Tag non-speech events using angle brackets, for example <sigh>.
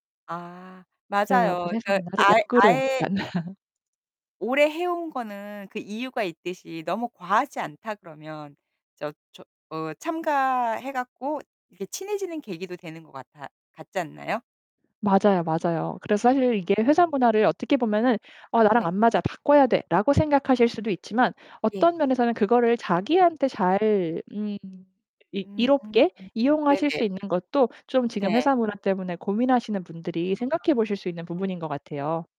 아 그래서 맞아요. 그 회사 그러니까 문화를 아 역으로 아예 약간 <laughs> 오래 해온 거는 그 이유가 있듯이 너무 과하지 않다 그러면 저 저 어 참가해 갖고 이렇게 친해지는 계기도 되는 것 같아 같지 않나요? 맞아요 맞아요. 그래서 사실 이게 회사 문화를 어떻게 보면은 어 '나랑 네. 안 맞아. 바꿔야 돼.'라고 생각하실 수도 있지만 예. 어떤 면에서는 그거를 자기한테 잘 음 이 음. 이롭게 이용하실 수 네네. 있는 것도 좀 지금 네. 회사 문화 때문에 고민하시는 분들이 생각해 보실 수 있는 아. 부분인 것 같아요.